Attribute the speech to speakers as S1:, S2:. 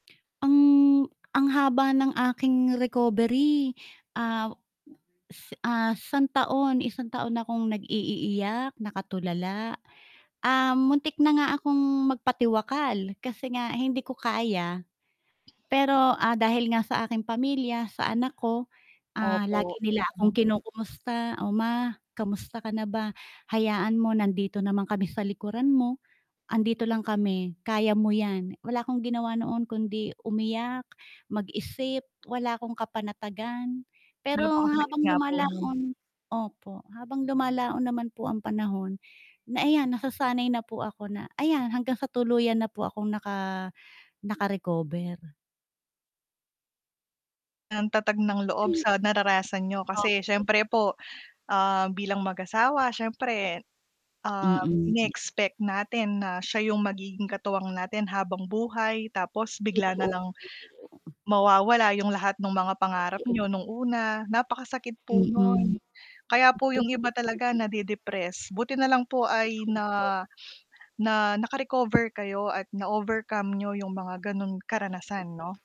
S1: Ang, ang haba ng aking recovery. Ah is ah, isang taon, isang taon akong nag-iiiyak, nakatulala. Um, muntik na nga akong magpatiwakal, kasi nga hindi ko kaya. Pero ,ah, dahil nga sa aking pamilya, sa anak ko, ah, lagi
S2: Opo,
S1: nila
S2: mm.
S1: akong kinukumusta, "Oh ma, kamusta ka na ba? Hayaan mo nandito naman kami sa likuran mo. Andito lang kami, kaya mo yan." Wala akong ginawa noon kundi umiyak, mag-isip, wala akong kapanatagan. Pero
S2: Napakasakit
S1: habang
S2: nga po nun.
S1: lumalaon opo, habang lumalaon naman po ang panahon, na ayan nasasanay na po ako na ayan hanggang sa tuluyan na po akong naka naka recover.
S2: Ang tatag ng loob
S1: Ayu
S2: sa naranasan niyo,
S1: O
S2: kasi syempre po, ah, bilang mag-asawa syempre, um,
S1: Mm.
S2: ine-expect natin na siya yung magiging katuwang natin habang buhay tapos bigla
S1: Totoo,
S2: nalang,
S1: [unintelligible]
S2: mawawala yung lahat nung mga pangarap
S1: Totoo.
S2: niyo nung una, napakasakit po
S1: Mm, totoo po
S2: nun.
S1: 'yan.
S2: Kaya po yung iba talaga nadi-depress, buti nalang po ay
S1: Totoo po.
S2: na, na naka-recover kayo at na overcome niyo yung mga ganun
S1: Opo.
S2: karanasan 'no?